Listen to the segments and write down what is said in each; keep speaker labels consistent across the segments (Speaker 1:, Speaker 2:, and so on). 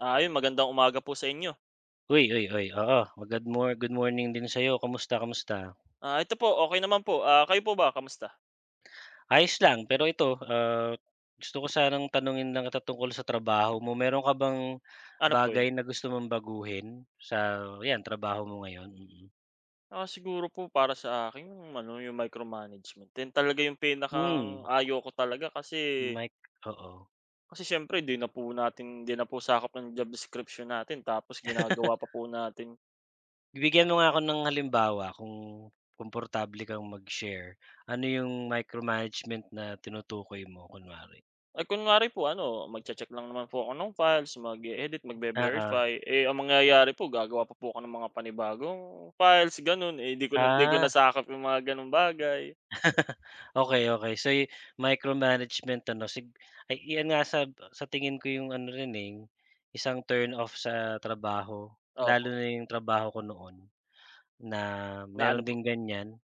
Speaker 1: Ah, yun, magandang umaga po sa inyo!
Speaker 2: Uy, uy, uy, oo. Ma good mor good morrning din sa'yo. Kamusta kamusta?
Speaker 1: Ah, ito po okey naman po. Ah, kayo po ba kamusta?
Speaker 2: Ayos lang. Pero ito, ah, gusto ko sanang tanungin lang kita tungkol sa trabaho mo. Meron ka bang
Speaker 1: Ano po
Speaker 2: bagay
Speaker 1: yun?
Speaker 2: na gusto mong baguhin sa yan trabaho mo ngayon? Mm.
Speaker 1: Ah, siguro po para sa akin yung ano yung micro-management din talaga yung pinakang
Speaker 2: Hmm.
Speaker 1: ayaw ko talaga kasi
Speaker 2: Mic oo.
Speaker 1: kasi syempre, di na po natin hindi na po sakop ng job description natin tapos ginagawa pa po natin.
Speaker 2: Bibigyan mo nga ako ng halimbawa, kung komportable kang mag-share, ano yung micro-management na tinutukoy mo kunwari?
Speaker 1: Ay kunwari po ano, magche-check lang naman po ako ng files, mag-i-edit,
Speaker 2: Oo.
Speaker 1: magve-verify, eh, ang mangyayari po gagawa pa po ako ng mga panibagong files, ganun. Eh, 'di ko nan 'di ko na
Speaker 2: Ah.
Speaker 1: sakop yung mga ganong bagay.
Speaker 2: Okey, okey. So yu micro-management ano sig ay iyan nga sab sa tingin ko yung ano rin, eh, isang turn-off sa trabaho. Lalo
Speaker 1: Opo.
Speaker 2: na yung trabaho ko noon, na
Speaker 1: Na ano
Speaker 2: meron
Speaker 1: po?
Speaker 2: ding ganyan.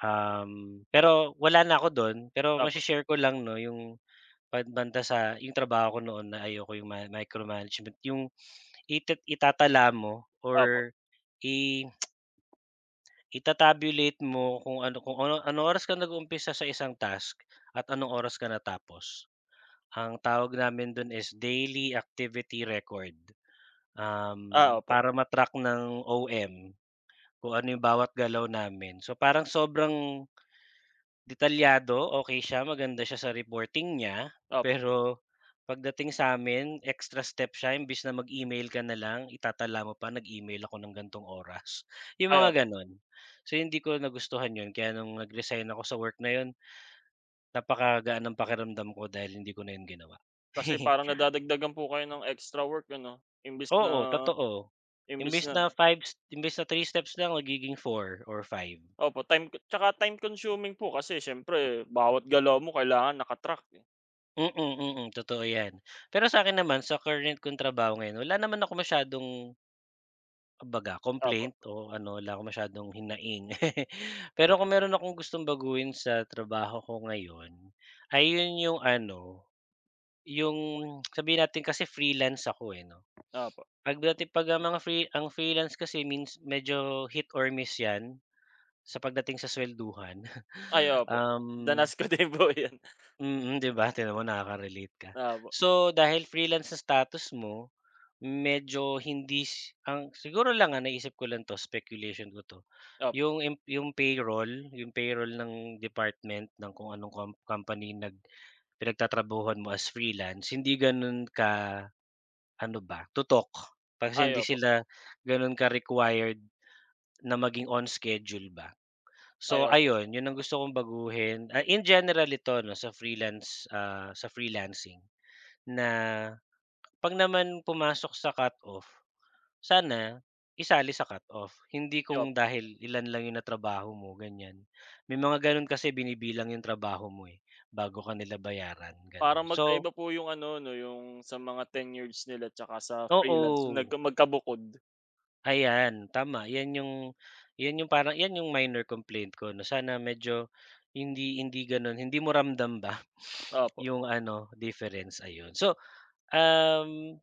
Speaker 2: Uhm, pero wala na ako dun. Pero mashi
Speaker 1: Opo.
Speaker 2: share ko lang, 'no, yung pad banda sa, yung trabaho ko noon na ayoko yung ma micro-management. Yung itet itatala mo
Speaker 1: Opo.
Speaker 2: or i ita-tabulate mo kung ano kung ano anong oras ka nag-umpisa sa isang task at anong oras ka natapos. Ang tawag namin dun is daily activity record.
Speaker 1: Ah,
Speaker 2: Um,
Speaker 1: opo.
Speaker 2: para ma track ng OM, kung ano yung bawat galaw namin. So, parang sobrang detalyado, okey siya, maganda siya sa reporting niya.
Speaker 1: Opo.
Speaker 2: pero pagdating sa'min, extra steps siya imbes na mag-email ka nalang, itatala mo pa, nag-email ako ng gan'tong oras, yung
Speaker 1: Ay
Speaker 2: mga
Speaker 1: opo.
Speaker 2: ganun. So, hindi ko nagustuhan yun, kaya nung nag-resign ako sa work na yun, napakagaan ng pakiramdam ko, dahil hindi ko na yun ginawa.
Speaker 1: Kasi parang nadadagdagan po kayo ng extra work ano. Imbes na
Speaker 2: Oo totoo.
Speaker 1: imbes
Speaker 2: Imbes
Speaker 1: na
Speaker 2: na 5 s imbes na 3 steps lang magiging 4 or 5.
Speaker 1: Opo, time c 'tsaka time consuming po kasi siyempre bawat galaw mo kailangan naka-track.
Speaker 2: Mm, mm, totoo yan. Pero sa'kin naman sa current kong trabaho ngayon wala naman akong masyadong kumbaga
Speaker 1: Opo.
Speaker 2: complaint o ano lang masyadong hinaing. Pero kung meron akong gustong baguhin sa trabaho ko ngayon, ay yun yung ano, yung sabihin natin kasi Freelance ako, eh, 'no?
Speaker 1: Opo.
Speaker 2: Pagdati pag ang mga free ang Freelance kasi means medyo hit or miss yan sa pagdating sa swelduhan,
Speaker 1: Ay, opo.
Speaker 2: um
Speaker 1: Danas ko din po yan.
Speaker 2: Mm di ba? Tignan mo nakaka-relate ka.
Speaker 1: Opo.
Speaker 2: So dahil Freelance sa status mo, medyo hindi sy ang siguro lang ang naisip ko lang 'to speculation ko 'to.
Speaker 1: Opo.
Speaker 2: Yung yung payroll, yung payroll ng department ng kung anong com company na pinagtatrabahuhan mo as Freelance hindi ganon ka ano ba? Tutok. Pag kasi
Speaker 1: Ay,
Speaker 2: hindi
Speaker 1: opo.
Speaker 2: sila ganun ka-required na maging on schedule ba.
Speaker 1: Ay,
Speaker 2: So
Speaker 1: opo.
Speaker 2: ayun, yun ang gusto kong baguhin, ah, in general ito 'no sa Freelance, ah, sa Freelancing. Na pag naman pumasok sa cut-off, sana isali sa cut-off. Hindi
Speaker 1: Ay, opo.
Speaker 2: kung dahil ilan lang yun natrabaho mo, ganyan. May mga ganun kasi binibilang yung trabaho mo, eh, bago ka nila bayaran ganon.
Speaker 1: Parang
Speaker 2: So
Speaker 1: magkaiba po yung ano 'no yung, sa mga tenureds nila tsaka sa Freelance?
Speaker 2: Oo.
Speaker 1: Nagka magkabukod.
Speaker 2: Ayan, tama 'yan yung 'yan yung parang yan yung minor complaint ko na sana medyo hindi hindi gano'n hindi mo ramdam ba
Speaker 1: Opo.
Speaker 2: yung ano difference, ayun. So, um,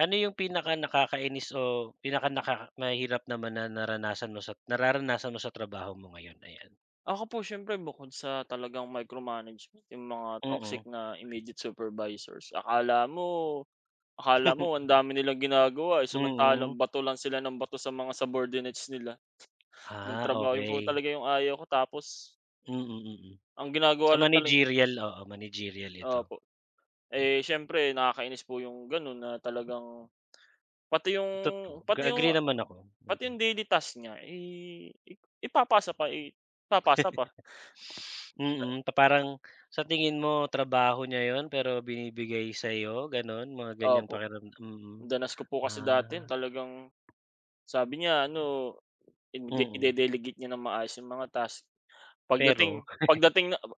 Speaker 2: ano yung pinaka nakakainis o pinaka naka mahirap naman na naranasan mo sa nararanasan mo sa trabaho mo ngayon? Ayan.
Speaker 1: Ako po siyempre bukod sa talagang micromanagement yung mga toxic
Speaker 2: Mm.
Speaker 1: na immediate supervisors akala mo, akala mo ang dami nilang ginagawa ay
Speaker 2: Mm.
Speaker 1: samantalang bato lang sila ng bato sa mga subordinates nila. Nung
Speaker 2: Ah,
Speaker 1: trabaho, 'yon po
Speaker 2: okey.
Speaker 1: talaga yung ayaw ko tapos
Speaker 2: Mhm.
Speaker 1: ang ginagawa
Speaker 2: Sa
Speaker 1: lang taleng
Speaker 2: managerial, oo, managerial ito.
Speaker 1: opo. Eh, siyempre nakakainis po yung gano'n na talagang pati yung
Speaker 2: Toto ga
Speaker 1: pati yung
Speaker 2: agree naman ako,
Speaker 1: pati
Speaker 2: mm.
Speaker 1: yung daily task niya, eh, ipapasa pa, eh, ipapasa pa. Eh
Speaker 2: Mm, pa parang sa tingin mo trabaho niya 'yon pero binibigay sa'yo gano'n mga ganyang
Speaker 1: Opo.
Speaker 2: pakiramdam, mm.
Speaker 1: Danas ko po kasi dati 'yan
Speaker 2: Ah.
Speaker 1: talagang, sabi niya ano ide
Speaker 2: Mm.
Speaker 1: ide-delegate niya ng maayos yung mga tasks,
Speaker 2: Pero?
Speaker 1: pagdating pagdating na aba!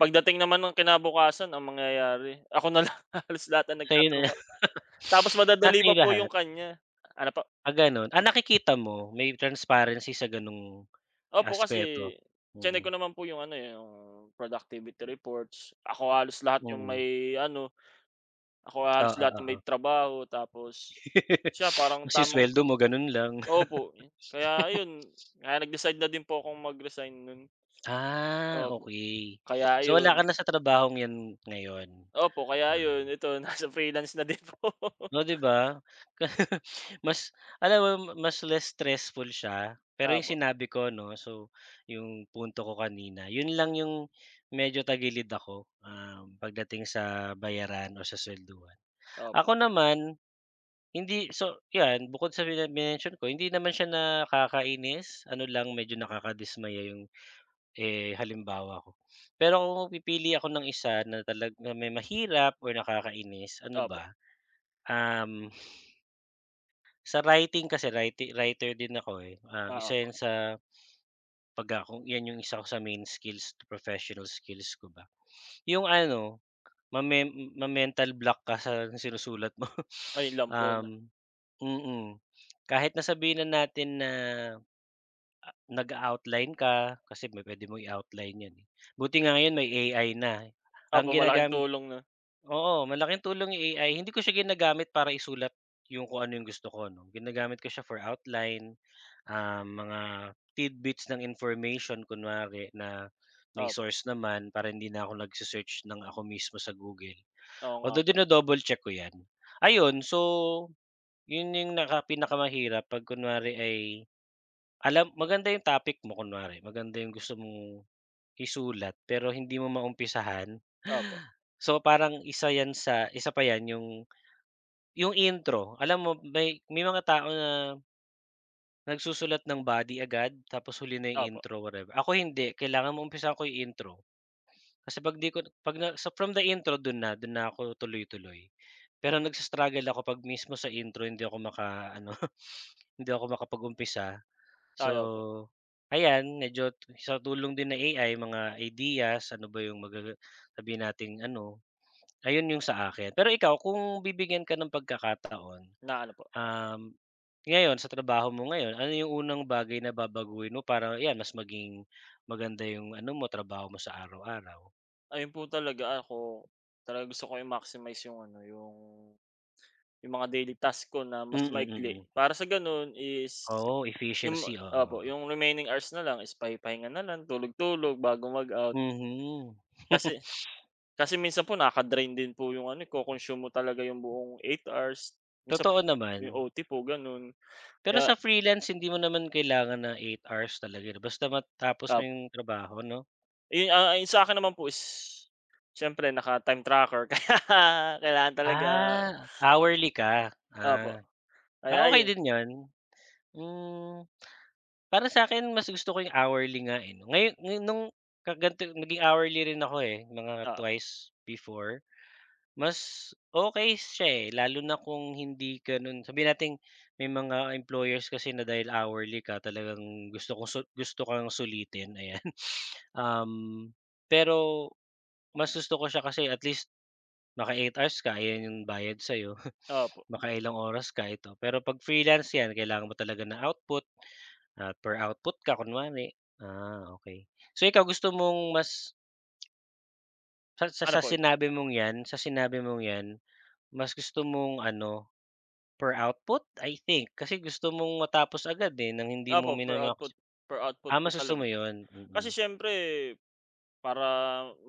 Speaker 1: Pagdating naman ng kinabukasan ang mangyayari ako na lang halos lahat ang
Speaker 2: Sa'yo na.
Speaker 1: nagtatrabaho tapos
Speaker 2: Ah,
Speaker 1: madadali
Speaker 2: sa'yo
Speaker 1: pa po yung
Speaker 2: lahat.
Speaker 1: kanya. Ano po?
Speaker 2: Ah, gano'n, ah, nakikita mo? May transparency sa gano'ng
Speaker 1: Opo
Speaker 2: aspeto.
Speaker 1: kasi, chineck ko
Speaker 2: Mhm.
Speaker 1: naman po yung ano, eh, yung productivity reports, ako halos lahat yung
Speaker 2: Mm.
Speaker 1: may ano, ako
Speaker 2: Oo,
Speaker 1: halos lahat ng may
Speaker 2: oo.
Speaker 1: trabaho tapos siya parang
Speaker 2: Tapos yung
Speaker 1: tamang
Speaker 2: suweldo mo gano'n lang.
Speaker 1: opo, kaya ayun kaya nag-decide na din po akong mag-resign no'n.
Speaker 2: Ah,
Speaker 1: Opo,
Speaker 2: okey.
Speaker 1: kaya
Speaker 2: So, wala ka
Speaker 1: ayun.
Speaker 2: na sa trabahong yan ngayon?
Speaker 1: Opo kaya
Speaker 2: Ah.
Speaker 1: ayun, ito nasa freelance na din po.
Speaker 2: Oh 'di ba. Mas alam mo, mas less stressful siya pero yung
Speaker 1: Opo.
Speaker 2: sinabi ko 'no, so yung punto ko kanina 'yon lang yung medyo tagilid ako, um, pagdating sa bayaran o sa swelduhan.
Speaker 1: Opo.
Speaker 2: Ako naman, hindi so, yan bukod sa mini minention ko, hindi naman siya nakakainis ano lang medyo nakadismaya yung, eh, halimbawa ko pero kung pipili ako ng 1 na talaga may mahirap or nakakainis ano
Speaker 1: Opo.
Speaker 2: ba, um sa writing kasi, writing writer din ako, eh, ah,
Speaker 1: Oo
Speaker 2: 1
Speaker 1: po.
Speaker 2: 'yon sa, 'pag ako yan yung 1 ko sa main skills, professional skills ko ba yung ano mame ma-mental block ka sa sinusulat mo
Speaker 1: Ayun lang po 'no?
Speaker 2: um, mm. Kahit na sabihin na natin na Ah, nag-a-outline ka kasi may puwede mong i-outline yan, eh, buti nga ngayon may AI na. Ang
Speaker 1: Opo, malaking
Speaker 2: ginagamit
Speaker 1: tulong 'no?
Speaker 2: oo, malaking tulong yung AI hindi ko siya ginagamit para isulat yung kung ano yung gusto ko 'no. Ginagamit ko siya for outline, ah, mga tidbits ng information kunwari na may
Speaker 1: Opo.
Speaker 2: source naman para hindi na ako nag-sesearch ng ako mismo sa Google.
Speaker 1: Oo nga
Speaker 2: Although
Speaker 1: po.
Speaker 2: dino-double check ko yan. Ayun, so 'yon, yung naka pinakamahirap pag kunwari ay alam maganda yung topic mo kunwari maganda yung gusto mong isulat, pero hindi mo maumpisahan.
Speaker 1: Opo.
Speaker 2: So, parang 1 yan sa 1 pa yan yung, yung intro alam mo may, may mga tao na nagsusulat ng body agad tapos huli na 'yong
Speaker 1: Opo.
Speaker 2: intro, whatever. Ako hindi, kailangan maumpisahan ko yung intro. Kasi 'pag 'di ko 'pag na so from the intro do'n na, do'n na ako tuloy-tuloy pero nag-i-struggle ako 'pag mismo sa intro hindi ako maka-ano. Hindi ako makapag-umpisa so,
Speaker 1: Tayo po.
Speaker 2: ayan medyo sa tulong din ng AI mga ideas, ano ba 'yong magaga sabihin nating ano ayon 'yong sa akin. pero ikaw kung bibigyan ka ng pagkakataon.
Speaker 1: Na ano po?
Speaker 2: Um, ngayon sa trabaho mo ngayon, ano yung unang bagay na babaguhin mo parang yan mas maging maganda yung ano mo trabaho mo sa araw-araw?
Speaker 1: Ayun po talaga, ako talagang gusto ko i-maximize yung ano yung yung mga daily task ko na mas
Speaker 2: Mm,
Speaker 1: maikli
Speaker 2: mm.
Speaker 1: para sa gano'n is
Speaker 2: Oo,
Speaker 1: yung
Speaker 2: efficiency,
Speaker 1: opo,
Speaker 2: oo.
Speaker 1: yung remaining hours na lang is pahi-pahinga na lang tulog-tulog bago mag-out.
Speaker 2: Mhm.
Speaker 1: Kasi kasi minsan po naka-drain din po 'yong ano, eh, co-consume mo talaga 'yong buong 8 hours minsan
Speaker 2: Totoo
Speaker 1: po yung
Speaker 2: naman.
Speaker 1: OT po gano'n,
Speaker 2: Pero
Speaker 1: kaya
Speaker 2: sa freelance hindi mo naman kailangan na 8 hours talaga 'no, basta matapos mo
Speaker 1: Tap
Speaker 2: 'yong trabaho 'no?
Speaker 1: Eh, ah, yung sa akin naman po is, siyempre naka time tracker kaya kailangan talaga.
Speaker 2: Ah, hourly ka,
Speaker 1: Opo,
Speaker 2: ah. Ah,
Speaker 1: kaya
Speaker 2: okey
Speaker 1: 'yon.
Speaker 2: din 'yon, hmm. Para sa'kin mas gusto ko yung hourly nga, eh 'no, ngayo ngayon nung ka ganito naging hourly rin ako, eh, mga
Speaker 1: Oo.
Speaker 2: twice before. Mas okey siya, eh, lalo na kung hindi gano'n, sabihin nating may mga employers kasi na dahil hourly ka talagang gusto ko su gusto kang sulitin, ayan. Um, pero mas gusto ko siya kasi at least maka 8 hours ka, ayan yung bayad sayo.
Speaker 1: Opo.
Speaker 2: Makailang oras ka ito, pero pag freelance yan kailangan mo talaga ng output, ah, per output ka kunwari. Ah, okey, so ikaw gusto mong mas Sa sa
Speaker 1: Ano
Speaker 2: sa
Speaker 1: po 'yon?
Speaker 2: sinabi mong yan sa sinabi mong yan mas gusto mong ano per output? I think. Kasi gusto mong matapos agad, eh, ng hindi mo
Speaker 1: Opo, per output
Speaker 2: mina-max.
Speaker 1: per output
Speaker 2: Ah,
Speaker 1: po
Speaker 2: mas gusto
Speaker 1: talaga.
Speaker 2: mo yon?
Speaker 1: Kasi
Speaker 2: Mm.
Speaker 1: siyempre para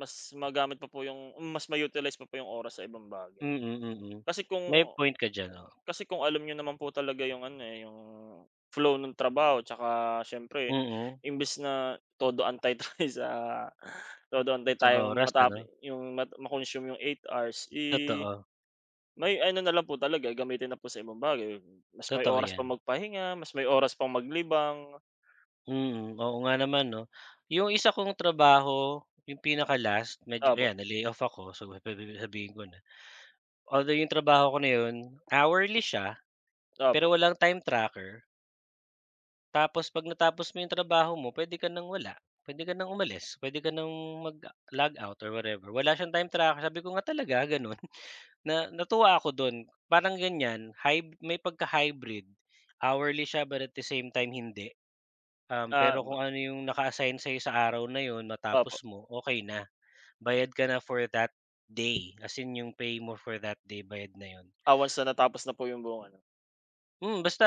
Speaker 1: mas magamit pa po yung mas ma-utilize pa po yung oras sa ibang bagay.
Speaker 2: Mm, mm.
Speaker 1: Kasi
Speaker 2: May
Speaker 1: kung
Speaker 2: point ka diyan, oo.
Speaker 1: kasi kung alam niyo naman po talaga yung ano, eh, yung flow nung trabaho 'tsaka siyempre
Speaker 2: Mm.
Speaker 1: imbis na todo-antay tayo sa, todo antay
Speaker 2: Sa
Speaker 1: tayong
Speaker 2: oras
Speaker 1: matape
Speaker 2: ano?
Speaker 1: yung ma ma-consume 8 hours, eh,
Speaker 2: Totoo.
Speaker 1: may ano na lang po talaga, gamitin na po sa ibang bagay. Mas may
Speaker 2: Totoo
Speaker 1: oras pa
Speaker 2: yan.
Speaker 1: magpahinga, mas may oras pang maglibang.
Speaker 2: Mm, oo nga naman 'no? Yung 1 kong trabaho, yung pinaka-last medyo
Speaker 1: Opo.
Speaker 2: ayan na-layoff ako so, pe pe sabihin ko na. Although yung trabaho ko na 'yon hourly siya
Speaker 1: Opo.
Speaker 2: pero walang time tracker. Tapos 'pag natapos mo yung trabaho mo puwede ka nang wala, puwede ka ng umalis, puwede ka nang mag logout or whatever. Wala siyang time tracker. Sabi ko nga, talaga gano'n? Na natuwa ako do'n parang ganyan hyb may pagka hybrid. Hourly siya but at the same time, hindi. Um,
Speaker 1: Ah,
Speaker 2: pero
Speaker 1: ba
Speaker 2: kung ano yung naka-assign sa'yo sa araw na 'yon
Speaker 1: Opo.
Speaker 2: matapos mo, okey na. Bayad ka na for that day. As in yung pay mo for that day bayad na 'yon.
Speaker 1: Ah, once natapos na po yung buong ano?
Speaker 2: Mm, basta,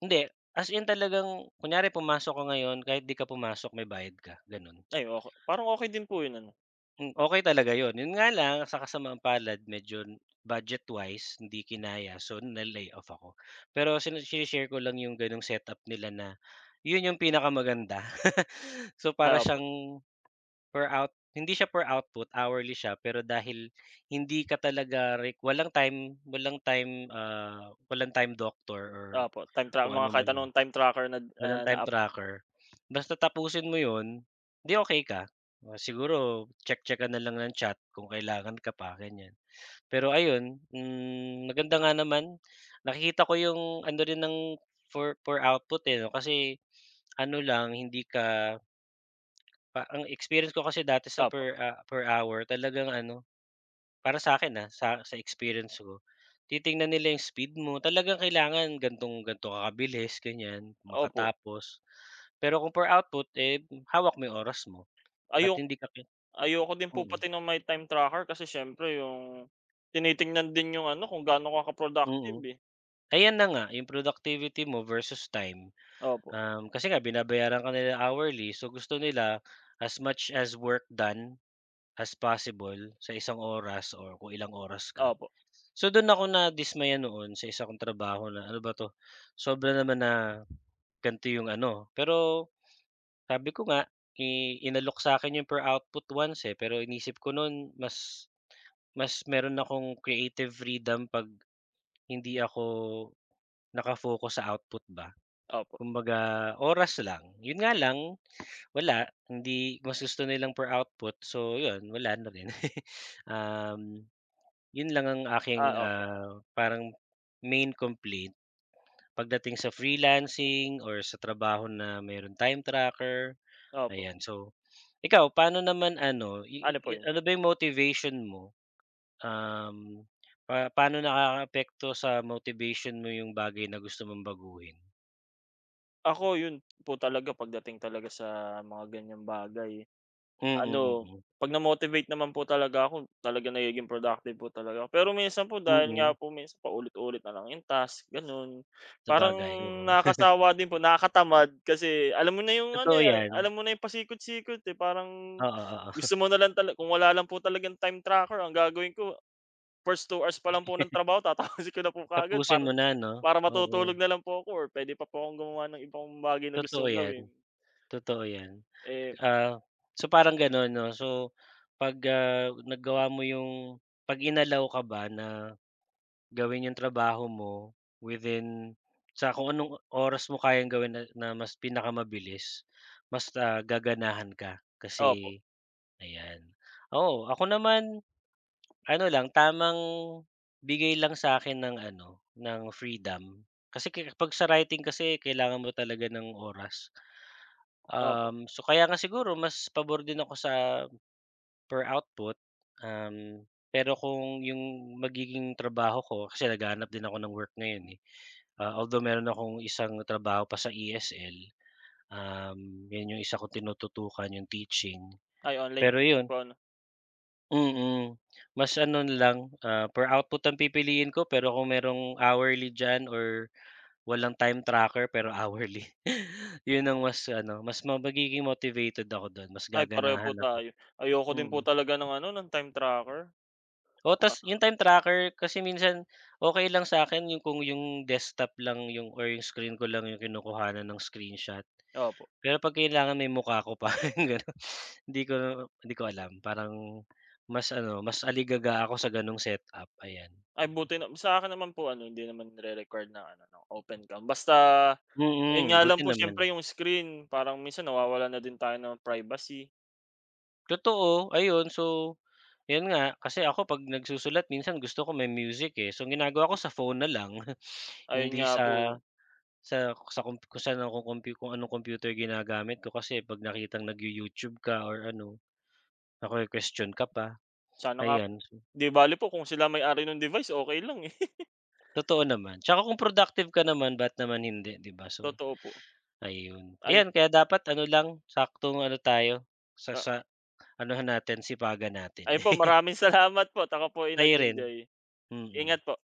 Speaker 2: hindi. As in, talagang kunyari pumasok ka ngayon, kahit 'di ka pumasok may bayad ka, gano'n.
Speaker 1: Ayoko parang okey din po 'yon, ano?
Speaker 2: Mm, okey talaga 'yon. 'Yon nga lang, sa kasamaang-palad, medyo budget wise, hindi kinaya, so na-layoff ako. Pero sine shini-share ko lang 'yong gano'ng setup nila na, 'yon 'yong pinakamaganda. So para
Speaker 1: Opo.
Speaker 2: siyang, per out hindi siya per output, hourly siya, pero dahil hindi ka talaga req walang time walang time, ah, walang Time Doctor, or
Speaker 1: Opo. Time tra
Speaker 2: kung
Speaker 1: mga kahit
Speaker 2: anuman 'yan.
Speaker 1: anong time tracker nad
Speaker 2: Walang
Speaker 1: ah, na
Speaker 2: time
Speaker 1: app.
Speaker 2: tracker. Basta tapusin mo 'yon, di okey ka. O siguro, check-check ka na lang ng chat kung kailangan ka pa, ganyan. Pero ayun, hmm, maganda nga naman. Nakikita ko 'yong, ano rin ng for per output, eh, 'no, kasi, ano lang hindi ka pa ang experience ko kasi dati sa
Speaker 1: Opo.
Speaker 2: per, ah, per hour talagang ano, para sa'kin ha, sa sa experience ko, titingnan nila 'yung speed mo. Talagang kailangan gan'tong gan'to ka kabilis, ganyan,
Speaker 1: Opo.
Speaker 2: makatapos. Pero kung per output, eh, hawak mo 'yung oras mo. At
Speaker 1: Ayo
Speaker 2: hindi ka ki
Speaker 1: ayoko din po
Speaker 2: mm.
Speaker 1: pati ng may time tracker kasi siyempre 'yong, tinitignan din 'yong ano kung gaano ka
Speaker 2: Mm.
Speaker 1: ka-productive, eh.
Speaker 2: Ayan na nga, 'yong productivity mo versus time.
Speaker 1: Opo.
Speaker 2: Uhm, kasi nga binabayaran ka nila hourly, so gusto nila as much as work done, as possible sa isang oras, or kung ilang oras ka.
Speaker 1: Opo.
Speaker 2: So do'n ako nadismaya noon sa isa kong trabaho na, ano ba 'to, sobra naman na, ganito 'yong ano. Pero, sabi ko nga, i inalok sa'kin 'yong per output once, eh, pero iniisip ko no'n mas, mas meron akong creative freedom 'pag hindi ako, naka-focus sa output ba.
Speaker 1: Opo.
Speaker 2: Kumbaga oras lang. Yun nga lang, wala, hindi mas gusto nilang per output so, yun wala na rin. Uhm, yun lang ang aking,
Speaker 1: Ah, opo.
Speaker 2: ah, parang main complaint, pagdating sa freelancing, or sa trabaho na merong time tracker,
Speaker 1: Opo.
Speaker 2: ayan, so, ikaw paano naman ano i
Speaker 1: Ano po
Speaker 2: i i
Speaker 1: 'yon?
Speaker 2: ano ba 'yong motivation mo? Uhm, pa paano nakakaapekto sa motivation mo 'yong bagay na gusto mong baguhin?
Speaker 1: Ako, yun po talaga 'pag dating talaga sa mga ganyang bagay.
Speaker 2: Mm,
Speaker 1: Ano
Speaker 2: mm.
Speaker 1: 'pag na motivate naman po talaga ako, talagang nagiging productive po talaga. Pero minsan po, dahil nga
Speaker 2: Mm.
Speaker 1: po mins paulit-ulit na lang yung task, ganon. Parang
Speaker 2: Sabagay, oo.
Speaker 1: nakakasawa din po, nakakatamad. Kasi alam mo na yung ano
Speaker 2: Totoo
Speaker 1: ya
Speaker 2: yan.
Speaker 1: alam mo na yung pasikot-sikot, eh. Parang
Speaker 2: Oo, oo. Huh.
Speaker 1: gusto mo na lang talag kung wala lang po talagang time tracker ang gagawin ko, first 2 pa lang po ng trabaho tatapusin ko na po kaagad.
Speaker 2: Tapusin
Speaker 1: Para
Speaker 2: mo na, 'no?
Speaker 1: para matutulog
Speaker 2: Oo.
Speaker 1: na lang po ako, pwede pa po akong gumawa ng ibang bagay na
Speaker 2: Totoo
Speaker 1: gustong
Speaker 2: yan.
Speaker 1: gawin.
Speaker 2: Totoo yan.
Speaker 1: Eh
Speaker 2: Ah, so parang gano'n, 'no? So pag, ah, nagawa mo yung 'pag in-allow ka ba na, gawin 'yong trabaho mo within sa kung anong oras mo kayang gawin na na mas pinakamabilis mas, ah, gaganahan ka.
Speaker 1: Opo.
Speaker 2: Kasi ayan. Oo, ako naman, ano lang tamang bigay lang sa'kin ng ano ng freedom. Kasi ker 'pag sa writing kasi kailangan mo talaga ng oras.
Speaker 1: Opo.
Speaker 2: Um, so kaya nga siguro mas pabor din ako sa per output. Um, pero kung yung magiging trabaho ko kasi naghahanap din ako ng work ngayon, eh. Ah, although, meron akong isang trabaho pa sa ESL. Um, yun yung isa kong tinututukan 'yong teaching.
Speaker 1: Ay, online
Speaker 2: Pero
Speaker 1: teaching
Speaker 2: yun
Speaker 1: po, ano?
Speaker 2: Mm, mas ano na lang, ah, per output ng pipiliin ko pero kung merong hourly diyan, or walang time tracker, pero hourly. 'Yon ang mas ano, mas ma magiging motivated ako do'n. Mas
Speaker 1: Ay, pareho
Speaker 2: gaganahan
Speaker 1: po
Speaker 2: ako.
Speaker 1: tayo. Ayoko din po
Speaker 2: Mm.
Speaker 1: talaga ng ano, ng time tracker.
Speaker 2: Oh
Speaker 1: Ah.
Speaker 2: tas yung time tracker, kasi minsan okey lang sa'kin yung kung yung desktop lang yung, or screen ko lang yung kinukuhanan ng screenshot.
Speaker 1: Opo.
Speaker 2: Pero 'pag kailangan may mukha ko pa, yung gano'n 'di ko 'di ko alam. Parang, mas ano, mas aligaga ako sa gano'ng setup ayan.
Speaker 1: Ay, buti nam sa akin naman po ano, 'di naman nire-required na ano, na open cam. Basta ayun
Speaker 2: Mm,
Speaker 1: nga lang
Speaker 2: buti
Speaker 1: po,
Speaker 2: naman.
Speaker 1: siyempre yung screen, parang minsan nawawalan na din tayo ng privacy.
Speaker 2: Totoo, ayun, so yun nga, kasi ako 'pag nagsusulat minsan gusto ko may music, eh. So ang ginagawa ko sa phone na lang.
Speaker 1: Ayun
Speaker 2: Hindi
Speaker 1: nga
Speaker 2: sa,
Speaker 1: po.
Speaker 2: sa sa komp kung saan ako kompyu kung anong kompyuter ginagamit ko, kasi 'pag nakitang nag-you-YouTube ka or ano, nakwe-kuwestiyon ka pa,
Speaker 1: Sana nga.
Speaker 2: ayan.
Speaker 1: 'Di bale po kung sila may-ari nung device, okey lang, eh.
Speaker 2: Totoo naman. Tsaka kung productive ka naman, ba't naman hindi, 'di ba? So
Speaker 1: Totoo po.
Speaker 2: ayun.
Speaker 1: Ay.
Speaker 2: Ayan, kaya dapat ano lang, saktong ano tayo sa
Speaker 1: Ah.
Speaker 2: sa anohan natin, sipagan natin.
Speaker 1: Ayun po maraming salamat po, at ako po ay
Speaker 2: Kayo rin,
Speaker 1: nag-enjoy.
Speaker 2: mm.
Speaker 1: Ingat po.